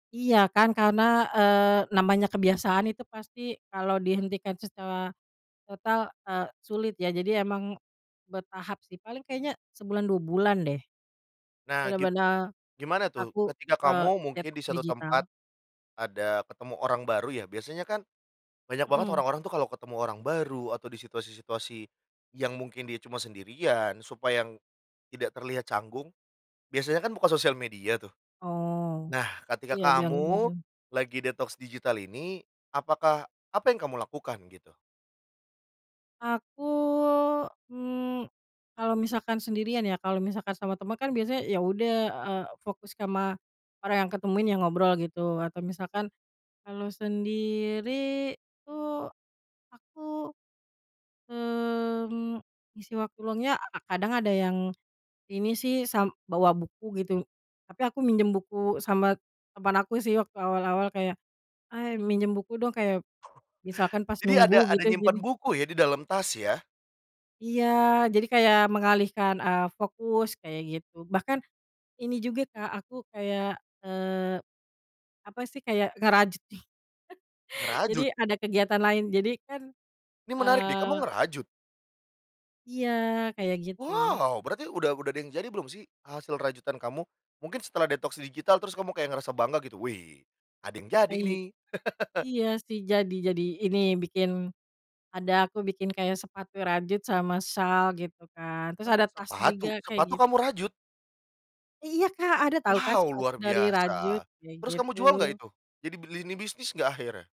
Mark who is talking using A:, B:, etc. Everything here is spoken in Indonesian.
A: Iya kan, karena, eee, namanya kebiasaan itu pasti kalau dihentikan secara total, eee, sulit ya, jadi emang bertahap sih paling kayaknya sebulan, 2 bulan deh
B: Nah, gib
A: benar-benar
B: gimana tuh
A: aku,
B: ketika
A: eee,
B: kamu mungkin di
A: detoks
B: suatu tempat,
A: digital.
B: ada ketemu orang baru ya, biasanya kan banyak banget
A: Mmm.
B: orang-orang tuh kalau ketemu orang baru atau di situasi-situasi yang mungkin dia cuma sendirian, supaya tidak terlihat canggung, biasanya kan buka sosial media tuh.
A: Oh,
B: Nah, ketika
A: iya, biar gak
B: kamu
A: bosen.
B: lagi detoks digital ini, apakah apa yang kamu lakukan gitu?
A: Aku, mmm, kalau misalkan sendirian ya kalau misalkan sama temen kan biasanya ya udah, eee, fokus kama orang yang kutemuin, yang ngobrol gitu. Atau misalkan kalau sendiri tuh aku, mmm, isi waktu luangnya a kadang ada yang ini sih sam bawa buku gitu, tapi aku minjem buku sama teman aku sih waktu awal-awal kayak, “Hai, minjem buku dong,” kayak misalkan pas
B: Jadi
A: nunggu
B: ada ada
A: gitu
B: nyimpan
A: gini.
B: buku ya di dalam tas ya?
A: Iya jadi kayak mengalihkan, eee, fokus kayak gitu. Bahkan ini juga, Kak, aku kayak, eee, apa sih, kayak ngerajut nih jadi
B: Ngerajut?
A: ada kegiatan lain. Jadi kan,
B: Ini menarik deh, kamu
A: eee
B: ngerajut?
A: Iya, kayak gitu.
B: Wow! Berarti udah udah ada yang jadi belum sih, hasil rajutan kamu? Mungkin setelah detoks digital terus kamu kayak ngerasa bangga gitu, "Wih, ada yang jadi
A: Ay
B: nih."
A: iya sih jadi jadi. Ini, bikin ada, aku bikin kayak sepatu rajut sama syal gitu kan, terus
B: Hah,
A: ada tas
B: sepatu?
A: juga kayak
B: Sepatu
A: git
B: kamu rajut?
A: Ih iya, Kak! Ada tau kah
B: Wow!
A: sepatu
B: Luar
A: dari rajut,
B: biasa.
A: kayak
B: Terus kamu jual nggak
A: gitu.
B: itu? Jadi beli ini bisnis nggak akhirnya?